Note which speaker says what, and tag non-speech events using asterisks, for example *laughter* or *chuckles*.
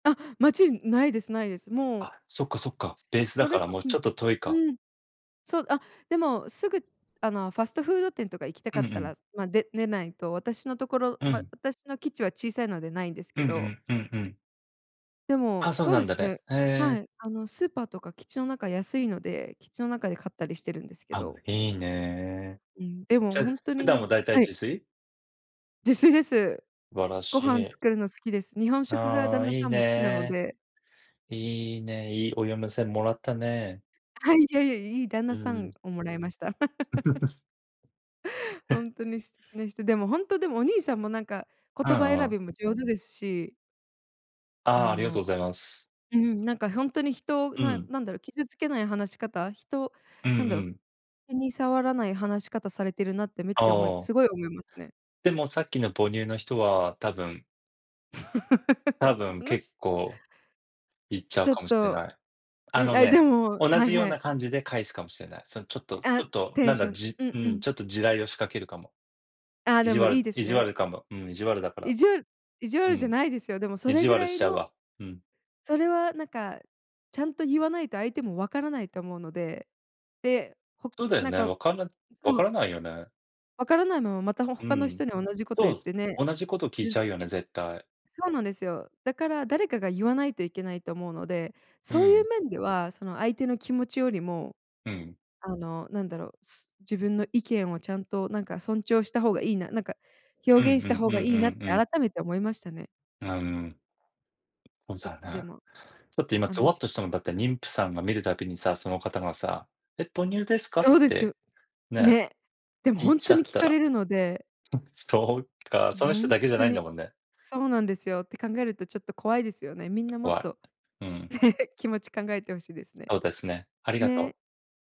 Speaker 1: あ、街、ないですないです。もう。
Speaker 2: あ、そっかそっか。ベースだ
Speaker 1: そ
Speaker 2: か
Speaker 1: れ
Speaker 2: ら、
Speaker 1: こ
Speaker 2: も
Speaker 1: そ
Speaker 2: うちょっと遠いか。
Speaker 1: うん。そう、あ、でも、すぐ、あの、ファストフード店とか行きた
Speaker 2: う
Speaker 1: か
Speaker 2: ん
Speaker 1: っ
Speaker 2: う
Speaker 1: た
Speaker 2: ん。
Speaker 1: ら、ま、で出ないと、私のところ、
Speaker 2: う
Speaker 1: ま、
Speaker 2: ん。
Speaker 1: 私の基地は小さいのでないんです
Speaker 2: う
Speaker 1: けど。
Speaker 2: んうん、うんうん。
Speaker 1: でも、
Speaker 2: あ、そう
Speaker 1: そう
Speaker 2: な
Speaker 1: で
Speaker 2: んだ
Speaker 1: す
Speaker 2: ね。
Speaker 1: ね。
Speaker 2: へ
Speaker 1: は
Speaker 2: え。
Speaker 1: い。あのスーパーとか基地の中安いので、基地の中で買ったりしてるんですけ
Speaker 2: あ、
Speaker 1: ど。
Speaker 2: いいね。
Speaker 1: うん、で
Speaker 2: じ
Speaker 1: も
Speaker 2: ゃ、
Speaker 1: ほんと
Speaker 2: 普
Speaker 1: にな
Speaker 2: 段
Speaker 1: ん
Speaker 2: も
Speaker 1: か
Speaker 2: 大体
Speaker 1: はい。
Speaker 2: 自炊？
Speaker 1: 自炊です。
Speaker 2: すばら
Speaker 1: ご
Speaker 2: し
Speaker 1: 飯
Speaker 2: い。
Speaker 1: 作るの好きです。日本食が
Speaker 2: あ
Speaker 1: 旦
Speaker 2: あ、
Speaker 1: 那
Speaker 2: い
Speaker 1: さ
Speaker 2: い
Speaker 1: んも好きなの
Speaker 2: ね。
Speaker 1: で。
Speaker 2: いいね、いいお嫁さんもらったね。
Speaker 1: はい。いやいや、いい旦
Speaker 2: う
Speaker 1: 那さ
Speaker 2: ーん。
Speaker 1: んをもらいました。*laughs*
Speaker 2: *chuckles*
Speaker 1: *laughs* ほ
Speaker 2: へ。
Speaker 1: んとに素敵な人。でも、本当でもお兄さんもなんか
Speaker 2: う
Speaker 1: 言葉
Speaker 2: ん
Speaker 1: 選
Speaker 2: うん。
Speaker 1: びも上手ですし。
Speaker 2: あ
Speaker 1: あ
Speaker 2: あ、ありがとう
Speaker 1: の、
Speaker 2: ございます。
Speaker 1: うん、なんか本当に人を、
Speaker 2: う
Speaker 1: な
Speaker 2: ん。
Speaker 1: なんだろう、傷つけない話し方、人
Speaker 2: うんう
Speaker 1: なんだろう。
Speaker 2: ん。
Speaker 1: 気に触らない話し方されてるなってめっ
Speaker 2: あ
Speaker 1: ちゃ思い
Speaker 2: あ。
Speaker 1: すごい思いますね。
Speaker 2: でも、さっきの母乳の人は多分
Speaker 1: *laughs*
Speaker 2: 多分、結
Speaker 1: *unintelligible*
Speaker 2: 構、いっちゃう
Speaker 1: ちょっ
Speaker 2: かもしれ
Speaker 1: と、
Speaker 2: ない。あ
Speaker 1: うん、
Speaker 2: の
Speaker 1: あ、で
Speaker 2: ね、
Speaker 1: も、
Speaker 2: 同
Speaker 1: は
Speaker 2: じ
Speaker 1: い
Speaker 2: よう
Speaker 1: は
Speaker 2: な
Speaker 1: い。
Speaker 2: 感じで返すかもしれない。その、ちょっとちょ
Speaker 1: あ、
Speaker 2: っと、
Speaker 1: テ
Speaker 2: な
Speaker 1: ン
Speaker 2: ん
Speaker 1: シ
Speaker 2: だ、
Speaker 1: ョン
Speaker 2: じ
Speaker 1: うん
Speaker 2: う
Speaker 1: う
Speaker 2: ん、
Speaker 1: ん。
Speaker 2: ちょっと地雷を仕掛けるかも。
Speaker 1: ああ、
Speaker 2: 意
Speaker 1: で
Speaker 2: 地
Speaker 1: もいい
Speaker 2: 悪
Speaker 1: です
Speaker 2: 意地
Speaker 1: ね。な
Speaker 2: 悪かも、うん、意地悪だから。
Speaker 1: 意地悪意地
Speaker 2: う
Speaker 1: 悪じゃ
Speaker 2: ん。
Speaker 1: ないですよ。でもそ
Speaker 2: 意
Speaker 1: れ
Speaker 2: 地
Speaker 1: ぐ
Speaker 2: 悪
Speaker 1: ら
Speaker 2: し
Speaker 1: い
Speaker 2: ちゃう
Speaker 1: の
Speaker 2: わ。うん。
Speaker 1: それは、なんか、ちゃんとゆわないと相手もわからないと思うので、で、ほ
Speaker 2: そうだよ
Speaker 1: なん
Speaker 2: ね、
Speaker 1: か、
Speaker 2: わからわ
Speaker 1: そ
Speaker 2: か
Speaker 1: う。
Speaker 2: らないよね。
Speaker 1: わからないまま、また、ほ
Speaker 2: う
Speaker 1: 他の
Speaker 2: ん。
Speaker 1: 人に同じこと
Speaker 2: そう
Speaker 1: 言っ
Speaker 2: っす。
Speaker 1: てね、
Speaker 2: 同じこと聞い
Speaker 1: 傷
Speaker 2: ち
Speaker 1: つ
Speaker 2: ゃうよね、
Speaker 1: け
Speaker 2: 絶対。
Speaker 1: そうなんですよ。だから誰かが言わないといけないと思うので、
Speaker 2: う
Speaker 1: そういう
Speaker 2: ん。
Speaker 1: 面では、その相手の気持ちよりも、
Speaker 2: うん。
Speaker 1: あの、なんだろう、す自分の意見をちゃんと、なんか、尊重した方がいいななんか、
Speaker 2: うんう
Speaker 1: 表現
Speaker 2: ん
Speaker 1: した方
Speaker 2: う
Speaker 1: がいいなって、
Speaker 2: んうんうん。
Speaker 1: 改めて思いましたね。
Speaker 2: あ、うーん。
Speaker 1: ちょっ
Speaker 2: *unintelligible*
Speaker 1: と、で
Speaker 2: ね。
Speaker 1: も、
Speaker 2: ちょっと、今、
Speaker 1: あ
Speaker 2: ゾ
Speaker 1: の。
Speaker 2: ワっとしたのだって、妊婦さんが見るたびにさ、その方がさ、「え、母乳ですか？」っ
Speaker 1: そうです
Speaker 2: て
Speaker 1: よ。
Speaker 2: ね。
Speaker 1: ね。でも
Speaker 2: 言っ
Speaker 1: 本
Speaker 2: ち
Speaker 1: 当
Speaker 2: ゃ
Speaker 1: に
Speaker 2: っ
Speaker 1: 聞
Speaker 2: た
Speaker 1: か
Speaker 2: ら。
Speaker 1: れるので。
Speaker 2: そそうか、
Speaker 1: ほ
Speaker 2: その人
Speaker 1: ん
Speaker 2: だけじゃ
Speaker 1: と
Speaker 2: ないんだ
Speaker 1: に、
Speaker 2: もんね。
Speaker 1: そうなんですよ。て考えると、ちょっと怖いですよね。
Speaker 2: ちょ
Speaker 1: み
Speaker 2: っ
Speaker 1: ん
Speaker 2: と
Speaker 1: な
Speaker 2: こ
Speaker 1: もっ
Speaker 2: わ
Speaker 1: と
Speaker 2: い。うーん。
Speaker 1: 気持ち考えて欲しいですね。
Speaker 2: そうですね。ありがとう。
Speaker 1: ね。